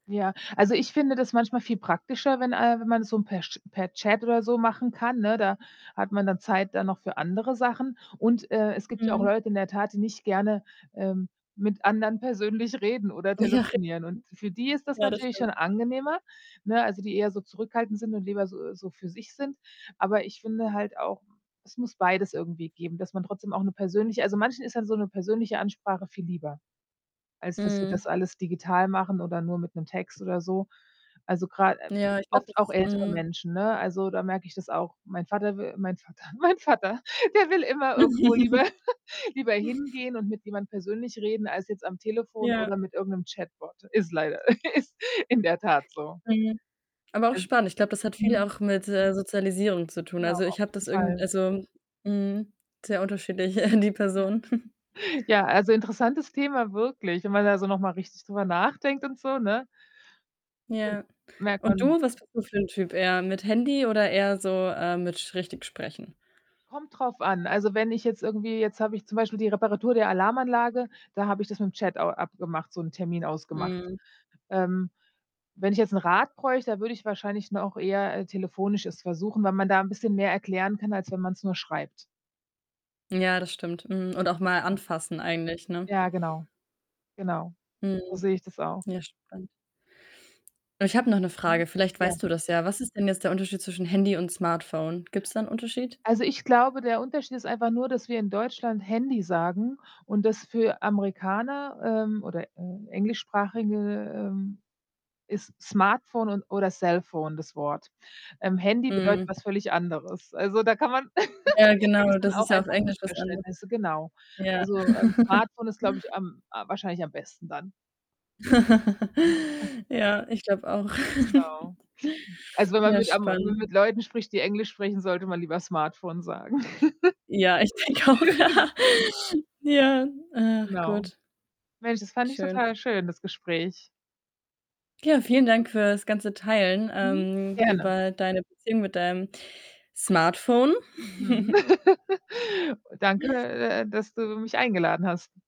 Ja, also, ich finde das manchmal viel praktischer, wenn, äh wenn man es so per Sch per Chat oder so machen kann, ne? Da hat man dann Zeit dann noch für andere Sachen. Und, äh, es gibt ja auch Mhm. Leute in der Tat, die nicht gerne, ähm, mit anderen persönlich reden oder Ja, richtig. telefonieren. Und für die ist das Ja, das natürlich stimmt. schon angenehmer, ne? Also, die eher so zurückhaltend sind und lieber so so für sich sind. Aber ich finde halt auch, äh, es muss beides irgendwie geben, dass man trotzdem auch 'ne persönliche also, manchen ist dann so 'ne persönliche Ansprache viel lieber, als dass sie das Mhm. alles digital machen oder nur mit 'nem Text oder so. Also, grad äh, vi Ja, ich glaube, oft auch das ältere mhm. Menschen, ne? Also, da merke ich das auch. Mein Vater w mein Vater mein Vater, der will immer irgendwo lieber lieber hingehen und mit jemand persönlich reden als jetzt am Telefon Ja. oder mit irgend 'nem Chatbot. Ist leider ist in der Tat so. Mhm. Aber auch Also spannend. Ich glaube, das hat viel mhm. auch mit, äh, Sozialisierung zu tun. Genau, Also, auf ich habe jeden das irgend Fall. also mhm, sehr unterschiedlich die Ja. Personen. Ja, also, interessantes Thema, wirklich, und wenn man da so noch mal richtig drüber [unintelligible] nachdenkt und so, ne? Ja. [unintelligible] merkt Und man du, was bist du für 'n Typ? Eher mit Handy oder eher so, äh, mit, sch richtig sprechen? Kommt darauf an. Also, wenn ich jetzt irgendwie jetzt habe ich zum Beispiel die Reparatur der Alarmanlage, da habe ich das mit dem Chat a abgemacht, so 'n Termin ausgemacht. Mhm. Ähm, wenn ich jetzt 'n Rat bräuchte, da würde ich wahrscheinlich noch eher, äh, telefonisch es versuchen, weil man da 'n bisschen mehr erklären kann, als wenn man es nur schreibt. Ja, das stimmt. Mhm und auch mal Genau. anfassen eigentlich, ne? Ja genau. Genau, so Mhm. sehe ich das auch. Ja, spannend. Ich habe noch 'ne Mhm, Frage, vielleicht ja. weißt du das ja. Was ist denn jetzt der Unterschied zwischen „Handy“ und „Smartphone“? Gibt's da 'n Unterschied? Also, ich glaube, der Unterschied ist einfach nur, dass wir in Deutschland „Handy“ sagen und das für Amerikaner, ähm, oder, äh, Englischsprachige, ähm, ist „Smartphone“ und oder „Cellphone“ das Wort. Ähm, „Handy“ bedeutet Mhm. etwas völlig anderes. Also, da kann man Ja, da genau, geht's dann das auch ist ja auf einfach um Englisch was ander Missverständnisse, genau. ja. Also, ähm, Smartphone ist, glaube ich, am äh, wahrscheinlich am besten dann. [unintelligible] Ja, ich glaube auch. Genau. Also, wenn man Ja, mit am m spannend. mit Leuten spricht, die Englisch sprechen, sollte man lieber „Smartphone“ sagen. Ja, ich denke auch. Ja, ach Genau. gut. Mensch, das fand ich Schön. total schön, das Gespräch. Ja, vielen Dank Ja. fürs ganze Teilen, Mhm, ähm, gerne. über deine Beziehung mit deinem Smartphone. Mhm. Danke, äh äh, dass du mich eingeladen hast.